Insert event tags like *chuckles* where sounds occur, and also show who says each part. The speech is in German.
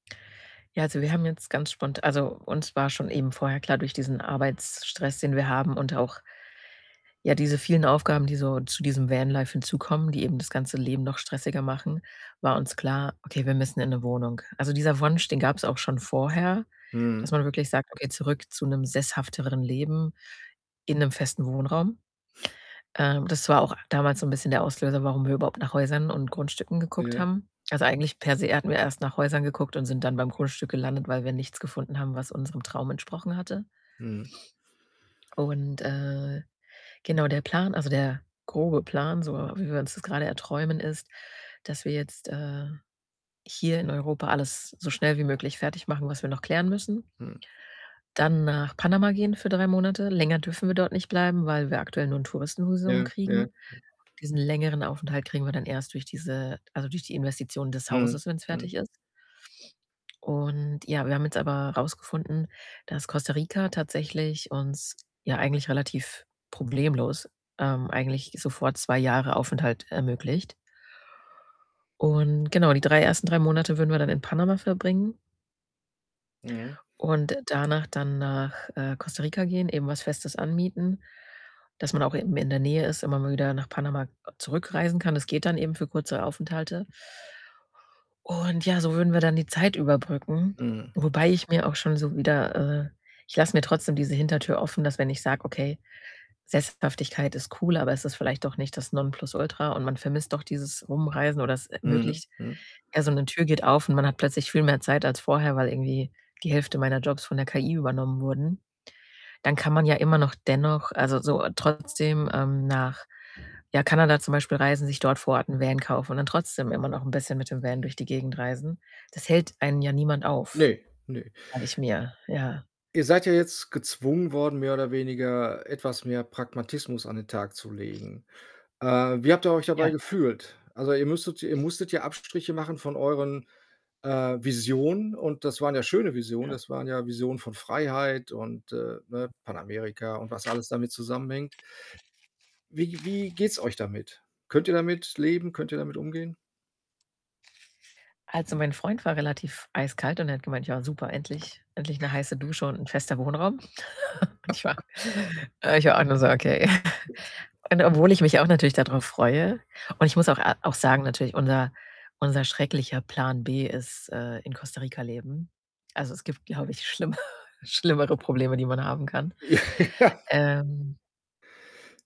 Speaker 1: Ja, also, wir haben jetzt ganz spont also, uns war schon eben vorher klar, durch diesen Arbeitsstress, den wir haben und auch ja, diese vielen Aufgaben, die so zu diesem Vanlife hinzukommen, die eben das ganze Leben noch stressiger machen, war uns klar: „Okay, wir müssen in 'ne Wohnung.“ Also, dieser Wunsch, den gab's auch schon vorher, dass
Speaker 2: Mhm.
Speaker 1: man wirklich sagt: „Okay, zurück zu 'nem sesshafteren Leben in 'nem festen Wohnraum.“ Äh, das war auch damals so 'n bisschen der Auslöser, warum wir überhaupt nach Häusern und Grundstücken geguckt
Speaker 2: Ja.
Speaker 1: haben. Also, eigentlich per se hatten wir erst nach Häusern geguckt und sind dann beim Grundstück gelandet, weil wir nichts gefunden haben, was unserem Traum entsprochen hatte.
Speaker 2: Mhm.
Speaker 1: Und, äh, genau der Plan also, der grobe Plan, so wie wir uns das grade erträumen, ist, dass wir jetzt, äh, hier in Europa alles so schnell wie möglich fertigmachen, was wir noch klären müssen.
Speaker 2: Mm.
Speaker 1: Dann nach Panama gehen für 3 Monate. Länger dürfen wir dort nicht bleiben, weil wir aktuell nur 'n Touristenvisum
Speaker 2: Ja. Ja.
Speaker 1: kriegen. Diesen längeren Aufenthalt kriegen wir dann erst durch diese also, durch die Investitionen des
Speaker 2: Mhm.
Speaker 1: Hauses, wenn's
Speaker 2: Mhm.
Speaker 1: fertig ist. Und ja, wir haben jetzt aber rausgefunden, dass Costa Rica tatsächlich uns, ja, eigentlich relativ problemlos, ähm, eigentlich sofort 2 Jahre Aufenthalt ermöglicht. Und genau, die 3 1. 3 Monate würden wir dann in Panama verbringen.
Speaker 2: Mhm.
Speaker 1: Und danach dann nach, äh, Costa Rica gehen, eben was Festes anmieten, dass man auch eben in der Nähe ist, immer mal wieder nach Panama zurückreisen kann. Das geht dann eben für kurze Aufenthalte. Und ja, so würden wir dann die Zeit überbrücken.
Speaker 2: Mhm.
Speaker 1: Wobei ich mir auch schon so wieder, äh ich lasse mir trotzdem diese Hintertür offen, dass wenn ich sage: „Okay, Sesshaftigkeit ist cool, aber es ist vielleicht doch nicht das Nonplusultra und man vermisst auch dieses Rumreisen oder es
Speaker 2: Mhm.
Speaker 1: ermöglicht
Speaker 2: Mhm.
Speaker 1: ja, so 'ne Tür geht auf und man hat plötzlich viel mehr Zeit als vorher, weil irgendwie die Hälfte meiner Jobs von der KI übernommen wurden.“ Dann kann man ja immer noch dennoch also, so trotzdem, ähm, nach, ja, Kanada zum Beispiel reisen, sich dort vor Ort 'n Van kaufen und dann trotzdem immer noch bisschen mit dem Van durch die Gegend reisen. Das hält einen ja niemand auf,
Speaker 2: Ne. Ne.
Speaker 1: sage ich mir. Ja.
Speaker 2: Ihr seid ja jetzt gezwungen worden, mehr oder weniger etwas mehr Pragmatismus an den Tag zu legen. Äh, wie habt ihr euch dabei
Speaker 1: Ja.
Speaker 2: gefühlt? Also, ihr müsstet ihr musstet ja Abstriche machen von euren, äh, Visionen und das waren ja schöne Visionen. Das waren ja Visionen von Freiheit und, äh, ne, Panamerika und was alles damit zusammenhängt. Wie wie geht's euch damit? Könnt ihr damit leben? Könnt ihr damit umgehen?
Speaker 1: Also, mein Freund war relativ eiskalt und er hat gemeint: „Ja, super, endlich endlich 'ne heiße Dusche und 'n fester Wohnraum.“ *chuckles* Und ich war, äh ich war auch nur so: „Okay.“ *chuckles*
Speaker 2: *chuckles*
Speaker 1: Und obwohl ich mich auch natürlich dadrauf freue und ich muss auch auch sagen natürlich, unser unser schrecklicher Plan B ist, äh, in Costa Rica leben. Also, es gibt, glaube ich, schlimmer schlimmere Probleme, die man haben kann.
Speaker 2: Ja.
Speaker 1: Ähm